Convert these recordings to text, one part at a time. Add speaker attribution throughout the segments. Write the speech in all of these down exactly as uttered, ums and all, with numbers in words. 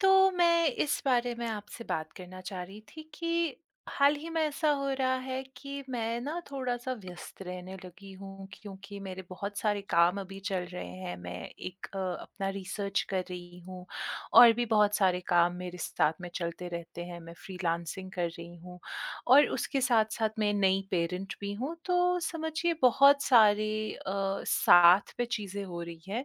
Speaker 1: तो मैं इस बारे में आपसे बात करना चाह रही थी कि हाल ही में ऐसा हो रहा है कि मैं ना थोड़ा-सा व्यस्त रहने लगी हूँ, क्योंकि मेरे बहुत सारे काम अभी चल रहे हैं। मैं एक अ, अपना रिसर्च कर रही हूँ और भी बहुत सारे काम मेरे साथ में चलते रहते हैं। मैं फ्रीलानसिंग कर रही हूँ और उसके साथ-साथ मैं नई पेरेंट भी हूँ। तो समझिए बहुत सारी अ, साथ पे चीज़ें हो रही हैं,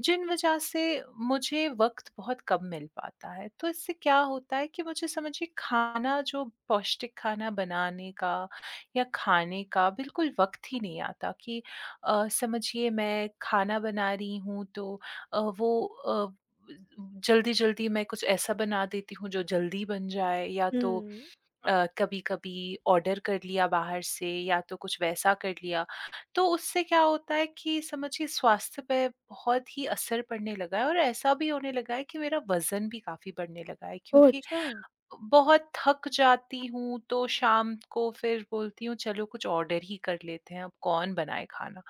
Speaker 1: जिन वजह से मुझे वक़्त बहुत कम मिल पाता है। तो इससे क्या होता है कि मुझे समझिए खाना, जो पौष्टिक खाना बनाने का, या खाने का बिल्कुल वक़्त ही नहीं आता कि अ, समझिए, मैं खाना बना रही हूँ, तो अ, वो अ, ब जल्दी-जल्दी मैं कुछ ऐसा बना देती हूँ, जो जल्दी बन जाए या तो
Speaker 2: हुँ।
Speaker 1: अ, कभी-कभी ऑर्डर कर लिया बाहर से, या तो कुछ वैसा कर लिया। तो उससे क्या होता है कि समझिए स्वास्थ्य पे बहुत ही असर पड़ने लगा है और ऐसा भी होने लगा है कि मेरा वज़न भी काफ़ी बढ़ने लगा है,
Speaker 2: ओह!
Speaker 1: क्योंकि अ,
Speaker 2: अच्छा!
Speaker 1: बहुत थक जाती हूँ, तो शाम को फिर बोलती हूँ, "चलो, कुछ ऑर्डर ही कर लेते हैं, अब कौन बनाए खाना।"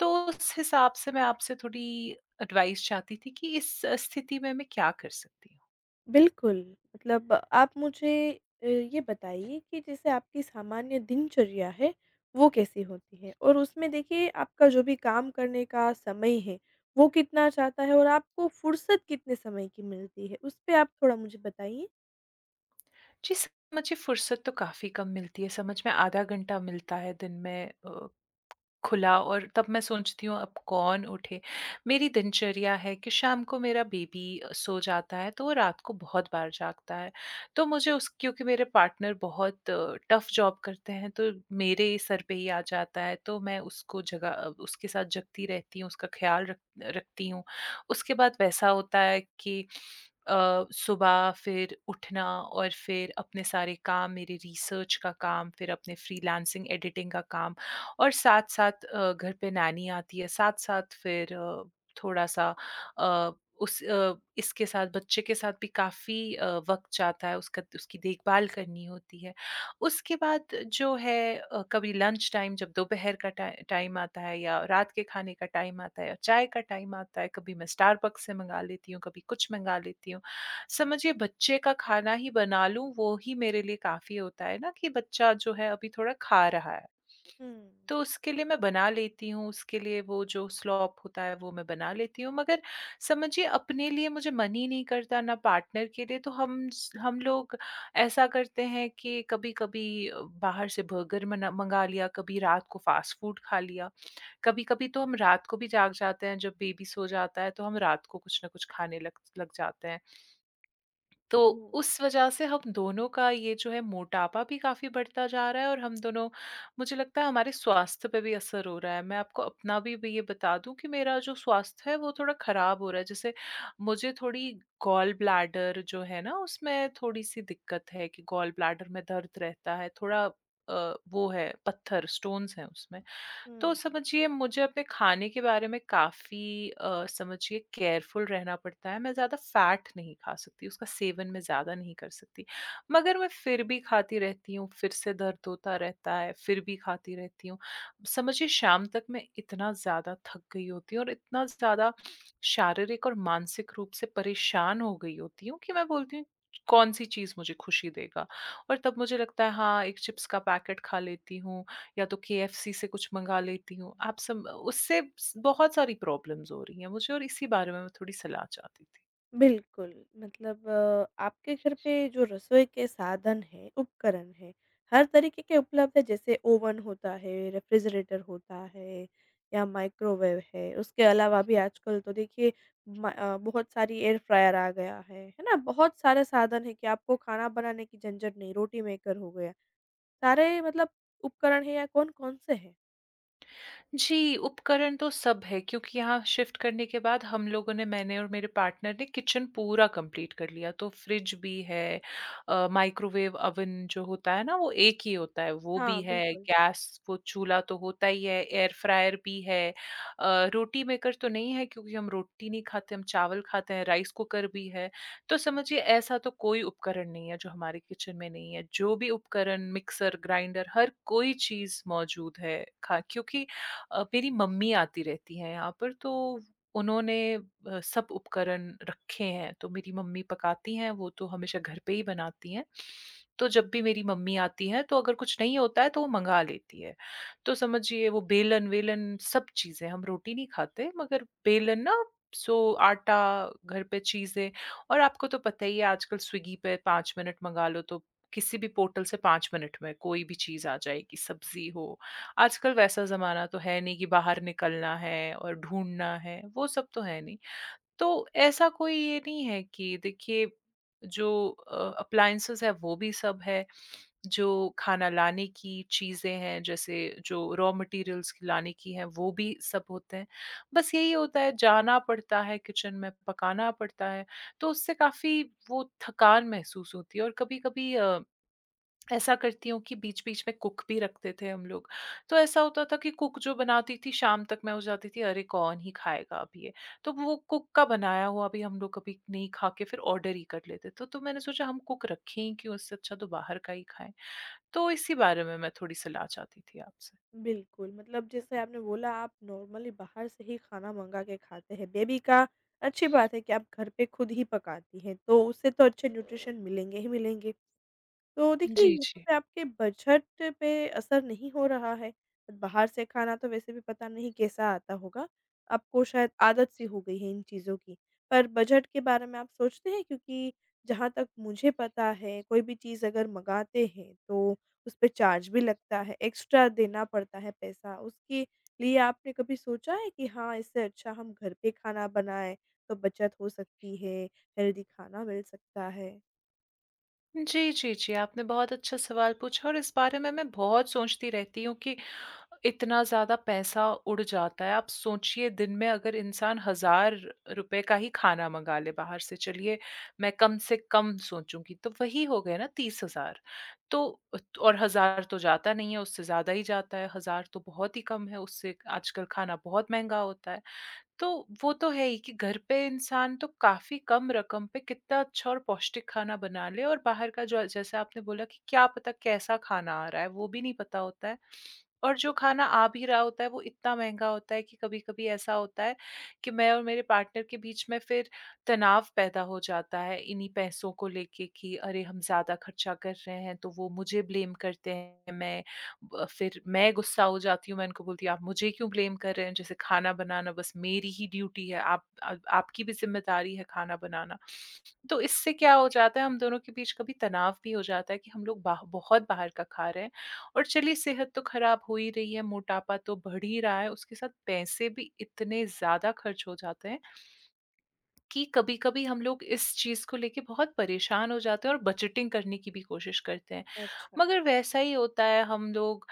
Speaker 1: तो उस हिसाब से मैं आपसे थोड़ी एडवाइस चाहती थी कि इस स्थिति में मैं क्या कर सकती हूँ?
Speaker 2: बिल्कुल। मतलब आप मुझे अ, ये बताइए कि जैसे आपकी सामान्य दिनचर्या है, वो कैसी होती है? और उसमें, देखिए, आपका जो भी काम करने का समय है, वो कितना जाता है और आपको फ़ुर्सत कितने समय की मिलती है? उस पे आप थोड़ा मुझे बताइए।
Speaker 1: जी, स मुझे फ़ुर्सत तो काफ़ी कम मिलती है। समझ में आधा घंटा मिलता है दिन में अ, खुला और तब मैं सोचती हूँ, अब कौन उठे। मेरी दिनचर्या है कि शाम को मेरा बेबी अ, सो जाता है, तो वो रात को बहुत बार जागता है। तो मुझे, उस क्योंकि मेरे पार्टनर बहुत टफ़ जॉब करते हैं, तो मेरे ही सर पे ही आ जाता है। तो मैं उसको जगा अ, उसके साथ जागती रहती हूँ, उसका ख़्याल रख रखती हूँ। उसके बाद वैसा होता है कि अ, सुबह फिर उठना और फिर अपने सारे काम, मेरे रिसर्च का काम, फिर अपने फ़्रीलांसिंग, एडिटिंग का काम और साथ-साथ अ, घर पे नैनी आती है। साथ-साथ फिर अब थोड़ा-सा अ, उस अ, इसके साथ, बच्चे के साथ भी काफ़ी अ, वक़्त जाता है। उसका उसकी देखभाल करनी होती है। उसके बाद जो है अ, कभी लंच टाइम, जब दोपहर का टाइ टाइम आता है या रात के खाने का टाइम आता है या चाय का टाइम आता है, कभी मैं स्टारबक्स से मँगा लेती हूँ, कभी कुछ मँगा लेती हूँ। समझिए, बच्चे का खाना ही बना लूँ, वो ही मेरे लिए काफ़ी होता है ना कि बच्चा जो है, अभी थोड़ा खा रहा है।
Speaker 2: हुँ।
Speaker 1: तो उसके लिए मैं बना लेती हूँ, उसके लिए वो जो स्लॉप होता है, वो मैं बना लेती हूँ। मगर समझिए, अपने लिए मुझे मन ही नहीं करता, ना पार्टनर के लिए। तो हम स हम लोग ऐसा करते हैं कि कभी-कभी बाहर से बर्गर मना मँगा लिया, कभी रात को फ़ास्ट-फ़ूड खा लिया। कभी-कभी तो हम रात को भी जाग जाते हैं, जब बेबी सो जाता है, तो हम रात को कुछ ना कुछ खाने लग लग जाते हैं। तो
Speaker 2: हुँ।
Speaker 1: उस वजह से हम दोनों का ये जो है, मोटापा भी काफ़ी बढ़ता जा रहा है और हम दोनों मुझे लगता है, हमारे स्वास्थ्य पे भी असर हो रहा है। मैं आपको अपना भी भी ये बता दूँ कि मेरा जो स्वास्थ्य है, वो थोड़ा खराब हो रहा है। जैसे मुझे थोड़ी गॉल ब्लैडर जो है ना, उसमें थोड़ी-सी दिक्कत है कि गॉल ब्लैडर में दर्द रहता है। थोड़ा अ, वो है पत्थर, स्टोन्स हैं उसमें।
Speaker 2: हुँ,
Speaker 1: तो
Speaker 2: हुँ।
Speaker 1: समझिए, मुझे अपने खाने के बारे में काफ़ी अ, समझिए केयरफुल रहना पड़ता है। मैं ज़्यादा फ़ैट नहीं खा सकती। उसका सेवन मैं ज़्यादा नहीं कर सकती। मगर मैं फिर भी खाती रहती हूँ। फिर से दर्द होता रहता है, फिर भी खाती रहती हूँ। समझिए, शाम तक मैं इतना ज़्यादा थक गई होती हूँ और इतना ज़्यादा शारीरिक और मानसिक रूप से परेशान हो गई होती हूँ कि मैं बोलती हूँ, कौन-सी चीज़ मुझे खुशी देगा? और तब मुझे लगता है, हाँ, एक चिप्स का पैकेट खा लेती हूँ, या तो केएफसी से कुछ मँगा लेती हूँ। आप सम उससे स बहुत सारी प्रॉब्लम्स हो रही हैं मुझे और इसी बारे में मैं थोड़ी सलाह चाहती थी।
Speaker 2: बिल्कुल। मतलब आपके घर पे जो रसोई के साधन हैं, उपकरण हैं, हर तरीके के उपलब्ध हैं? जैसे ओवन होता है, रेफ्रिजरेटर होता है या माइक्रोवेव है, उसके अलावा भी आजकल तो देखिए म अ, बहुत सारी एयर फ्रायर आ गया है, है ना? बहुत सारे साधन हैं कि आपको खाना बनाने की झंझट नहीं, रोटी मेकर हो गया, सारे मतलब उपकरण हैं या कौन-कौन से हैं?
Speaker 1: जी, उपकरण तो सब है, क्योंकि यहाँ शिफ्ट करने के बाद हम लोगों ने, मैंने और मेरे पार्टनर ने किचन पूरा कम्प्लीट कर लिया। तो फ्रिज भी है अ, माइक्रोवेव, ओवन जो होता है ना वो एक ही होता है, वो
Speaker 2: हाँ,
Speaker 1: भी है,
Speaker 2: बिल्कुल।
Speaker 1: गैस, वो चूल्हा तो होता ही है, एयर फ्रायर भी है अ, रोटी मेकर तो नहीं है, क्योंकि हम रोटी नहीं खाते, हम चावल खाते हैं, राइस कुकर भी है। तो समझिए ऐसा तो कोई उपकरण नहीं है जो हमारे किचन में नहीं है, जो भी उपकरण मिक्सर-ग्राइंडर हर कोई चीज़ मौजूद है। खा क्योंकि अ, मेरी मम्मी आती रहती हैं यहाँ पर, तो उन्होंने अ, सब उपकरण रखे हैं, तो मेरी मम्मी पकाती हैं, वो तो हमेशा घर पे ही बनाती हैं। तो जब भी मेरी मम्मी आती हैं, तो अगर कुछ नहीं होता है तो वो मँगा लेती हैं, तो समझिए वो बेलन-वेलन सब चीज़ें, हम रोटी नहीं खाते मगर बेलन ना, सो आटा, घर पे चीज़ें और आपको तो पता ही है आजकल स्विगी पे पाँच मिनट मँगा लो, तो किसी भी पोर्टल से पाँच मिनट में कोई भी चीज़ आ जाएगी, सब्जी हो। आजकल वैसा ज़माना तो है नहीं कि बाहर निकलना है और ढूँढ़ना है, वो सब तो है नहीं, तो ऐसा कोई ये नहीं है कि देखिए, जो अ, अप्लायंसेस हैं वो भी सब है, जो खाना लाने की चीज़ें हैं, जैसे जो रॉ मैटीरियल्स लाने की हैं, वो भी सब होते हैं। बस यही होता है जाना पड़ता है किचन में, पकाना पड़ता है, तो उससे काफ़ी वो थकान महसूस होती है और कभी-कभी अ, ऐसा करती हूँ कि बीच-बीच में कुक भी रखते थे हम लोग। तो ऐसा होता था कि कुक जो बनाती थी, शाम तक में हो जाती थी, अरे कौन ही खाएगा अब ये? तो वो कुक का बनाया हुआ भी हम लोग कभी नहीं खा के फिर ऑर्डर ही कर लेते थे। तो तो मैंने सोचा हम कुक रखें ही क्यों? उससे अच्छा तो बाहर का ही खाएँ, तो इसी बारे में मैं थोड़ी सलाह चाहती थी आपसे।
Speaker 2: बिल्कुल, मतलब जैसे आपने बोला, आप नॉर्मली बाहर से ही खाना मँगा के खाते हैं, बेबी का अच्छी बात है कि आप घर पे खुद ही पकाती हैं, तो उसे तो अच्छे न्यूट्रिशन मिलेंगे ही मिलेंगे। तो देखिए,
Speaker 1: जी,
Speaker 2: यहाँ
Speaker 1: जी।
Speaker 2: पे आपके बजट पे असर नहीं हो रहा है अ, बाहर से खाना तो वैसे भी पता नहीं कैसा आता होगा? आपको शायद आदत-सी हो गई है इन चीज़ों की। पर बजट के बारे में आप सोचते हैं, क्योंकि जहाँ तक मुझे पता है कोई भी चीज़ अगर मँगाते हैं, तो उस पे चार्ज भी लगता है, एक्स्ट्रा देना पड़ता है पैसा। उसके लिए आपने कभी सोचा है कि हाँ, इससे अच्छा हम घर पे खाना बनाएँ, तो बचत हो सकती है, हेल्दी खाना मिल सकता है?
Speaker 1: जी, जी, जी। आपने बहुत अच्छा सवाल पूछा और इस बारे में मैं बहुत सोचती रहती हूँ कि इतना ज़्यादा पैसा उड़ जाता है। आप सोचिए, दिन में अगर इंसान हज़ार रुपए का ही खाना मँगा ले बाहर से, चलिए मैं कम से कम सोचूँगी, तो वही हो गए ना तीस हज़ार। तो अ, और हज़ार तो जाता नहीं है, उससे ज़्यादा ही जाता है। हज़ार तो बहुत ही कम है उससे, आजकल खाना बहुत महँगा होता है। तो वो तो है ही कि घर पे इंसान तो काफ़ी कम रकम पे कितना अच्छा और पौष्टिक खाना बना ले और बाहर का जो अ, जैसे आपने बोला कि क्या पता कैसा खाना आ रहा है, वो भी नहीं पता होता है। और जो खाना आ भी रहा होता है, वो इतना महँगा होता है कि कभी-कभी ऐसा होता है कि मैं और मेरे पार्टनर के बीच में फिर तनाव पैदा हो जाता है, इन्हीं पैसों को लेके कि, "अरे! हम ज़्यादा ख़र्चा कर रहे हैं।" तो वो मुझे ब्लेम करते हैं, मैं ब अ, फिर मैं गुस्सा हो जाती हूँ। मैं उनको बोलती हूँ, "आप मुझे क्यों ब्लेम कर रहे हैं? जैसे खाना बनाना बस मेरी ही ड्यूटी है। आप अ, आपकी भी ज़िम्मेदारी है खाना बनाना।" तो इससे क्या हो जाता है, हम दोनों के बीच कभी तनाव भी हो जाता है कि हम लोग बाह बहुत बाहर का खा रहे हैं। और चलिए, सेहत तो खराब हो ही रही है, मोटापा तो बढ़ ही रहा है, उसके साथ पैसे भी इतने ज़्यादा ख़र्च हो जाते हैं कि कभी-कभी हम लोग इस चीज़ को लेके बहुत परेशान हो जाते हैं और बजटिंग करने की भी कोशिश करते हैं।
Speaker 2: अच्छा।
Speaker 1: मगर वैसा ही होता है, हम लोग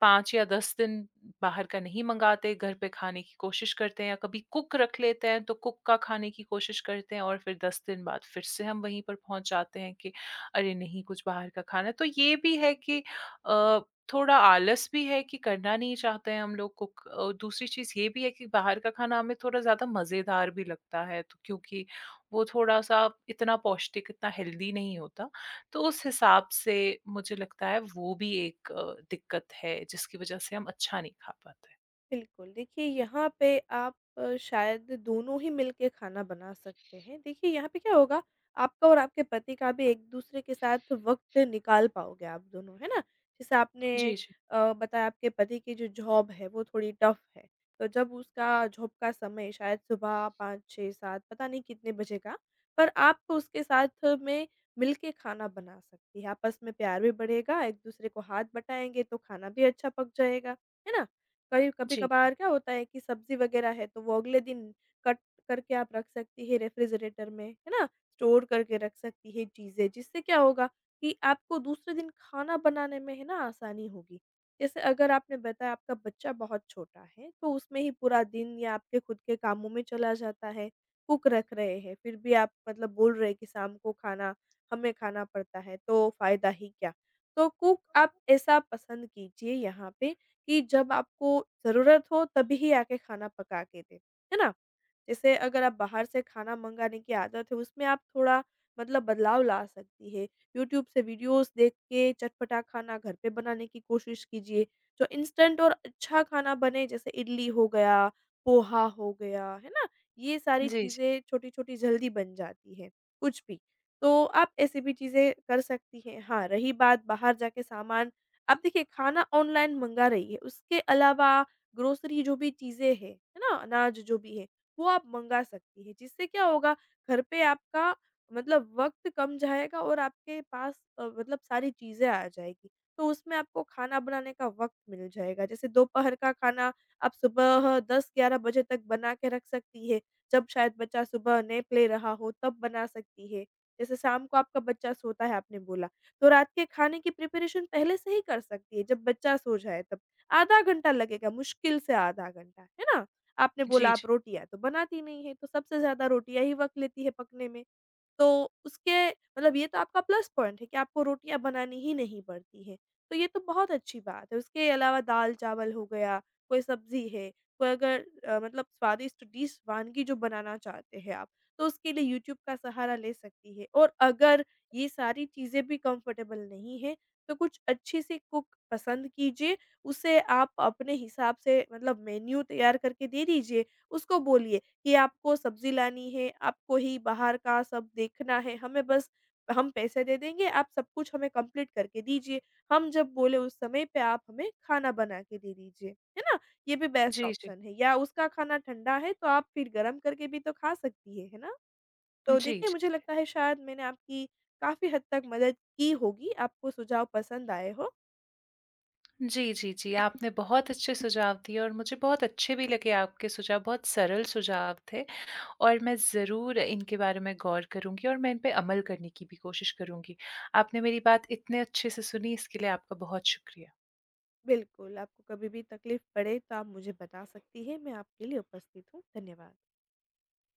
Speaker 1: पाँच या दस दिन बाहर का नहीं मँगाते, घर पे खाने की कोशिश करते हैं या कभी कुक रख लेते हैं, तो कुक का खाना खाने की कोशिश करते हैं और फिर दस दिन बाद फिर से हम वहीं पर पहुँच जाते हैं कि, "अरे! नहीं, कुछ बाहर का खाना है।" तो ये भी है कि अ, थोड़ा आलस भी है कि करना नहीं चाहते हैं हम लोग कुक। अ, दूसरी चीज़ ये भी है कि बाहर का खाना हमें थोड़ा ज़्यादा मज़ेदार भी लगता है, तो क्योंकि वो थोड़ा-सा इतना पौष्टिक, इतना हेल्दी नहीं होता। तो उस हिसाब से मुझे लगता है, वो भी एक अ, दिक्कत है, जिसकी वजह से हम अच्छा नहीं खा पाते।
Speaker 2: बिल्कुल, देखिए यहाँ पे आप शायद दोनों ही मिलके खाना बना सकते हैं, देखिए यहाँ पे क्या होगा? आपका और आपके पति का भी एक-दूसरे के साथ वक़्त निकाल पाओगे आप दोनों, है ना? जैसे आपने
Speaker 1: जी, जी।
Speaker 2: अ, बताया आपके पति की जो जॉब है, वो थोड़ी टफ है, तो जब उसका जॉब का समय शायद सुबह पाँच छह सात पता नहीं कितने बजे का, पर आप उसके साथ में मिलके खाना बना सकती हैं, आपस में प्यार भी बढ़ेगा, एक-दूसरे को हाथ बटाएँगे तो खाना भी अच्छा पक जाएगा, है ना? कभी
Speaker 1: जी, जी।
Speaker 2: कभी-कभार क्या होता है कि सब्ज़ी वगैरह है तो वो अगले दिन कट करके आप रख सकती हैं रेफ़्रिजरेटर में, है ना, स्टोर करके रख सकती हैं चीज़ें, जिससे क्या होगा? कि आपको दूसरे दिन खाना बनाने में है ना आसानी होगी। जैसे अगर आपने बताया आपका बच्चा बहुत छोटा है, तो उसमें ही पूरा दिन या आपके खुद के कामों में चला जाता है, कुक रख रहे हैं फिर भी आप मतलब बोल रहे हैं कि शाम को खाना हमें खाना पड़ता है, तो फ़ायदा ही क्या? तो कुक आप ऐसा पसंद कीजिए यहाँ पे, कि जब आपको ज़रूरत हो, तभी आके खाना पका के दे, है ना? जैसे अगर आप बाहर से खाना मँगाने की आदत है उसमें आप थोड़ा मतलब बदलाव ला सकती हैं, यूट्यूब से वीडियोज़ देख के चटपटा खाना घर पे बनाने की कोशिश कीजिए। जो इंस्टेंट और अच्छा खाना बने जैसे इडली हो गया, पोहा हो गया, है ना, ये सारी
Speaker 1: जी, जी।
Speaker 2: चीज़ें छोटी-छोटी जल्दी बन जाती हैं, कुछ भी, तो आप ऐसी भी चीज़ें कर सकती हैं। हाँ, रही बात बाहर जाके सामान आप देखिए खाना ऑनलाइन मँगा रही हैं, उसके अलावा ग्रोसरी जो भी चीज़ें हैं, है ना? अनाज जो भी है वो आप मँगा सकती हैं, जिससे क्या होगा घर पे आपका मतलब वक़्त कम जाएगा और आपके पास अ, मतलब सारी चीज़ें आ जाएगी, तो उसमें आपको खाना बनाने का वक़्त मिल जाएगा। जैसे दोपहर का खाना, आप सुबह दस ग्यारह बजे तक बनाके रख सकती हैं, जब शायद बच्चा सुबह नैप ले रहा हो, तब बना सकती हैं। जैसे शाम को आपका बच्चा सोता है आपने बोला, तो रात के खाने की प्रिपरेशन पहले से ही कर सकती हैं जब बच्चा सो जाए तब, आधा घंटा लगेगा मुश्किल से आधा घंटा, है ना? आपने
Speaker 1: जी,
Speaker 2: बोला
Speaker 1: जी।
Speaker 2: आप रोटियाँ तो बनाती नहीं हैं, तो सबसे ज़्यादा रोटियाँ ही वक़्त लेती हैं पकने में, तो उसके मतलब ये तो आपका प्लस पॉइंट है कि आपको रोटियाँ बनानी ही नहीं पड़ती हैं, तो ये तो बहुत अच्छी बात है। उसके अलावा दाल-चावल हो गया, कोई सब्ज़ी है, कोई अगर अ, मतलब स्वादिष्ट डिश वनगी जो बनाना चाहते हैं आप, तो उसके लिए यूट्यूब का सहारा ले सकती हैं। और अगर ये सारी चीज़ें भी कंफ़र्टेबल नहीं हैं, तो कुछ अच्छी-सी कुक पसंद कीजिए, उसे आप अपने हिसाब से मतलब मेन्यू तैयार करके दे दीजिए। उसको बोलिए कि आपको सब्ज़ी लानी है, आपको ही बाहर का सब देखना है, हमें बस हम पैसे दे देंगे, आप सब कुछ हमें कम्पलीट करके दीजिए। हम जब बोले उस समय पे आप हमें खाना बनाके दे दीजिए, है ना? ये भी बेस्ट
Speaker 1: जी, जी।
Speaker 2: ऑप्शन है। या उसका खाना ठंडा है तो आप फिर गर्म करके भी तो खा सकती हैं, है ना।
Speaker 1: जी,
Speaker 2: तो
Speaker 1: जी,
Speaker 2: देखिए
Speaker 1: जी।
Speaker 2: मुझे लगता है शायद मैंने आपकी काफ़ी हद तक मदद की होगी। आपको सुझाव पसंद आए हो।
Speaker 1: जी, जी, जी। आपने बहुत अच्छे सुझाव दिए और मुझे बहुत अच्छे भी लगे आपके सुझाव, बहुत सरल सुझाव थे। और मैं ज़रूर इनके बारे में गौर करूँगी और मैं इन पे अमल करने की भी कोशिश करूँगी। आपने मेरी बात इतने अच्छे से सुनी, इसके लिए आपका बहुत शुक्रिया।
Speaker 2: बिल्कुल, आपको कभी भी तकलीफ़ पड़े, तो आप मुझे बता सकती हैं, मैं आपके लिए उपस्थित हूँ। धन्यवाद।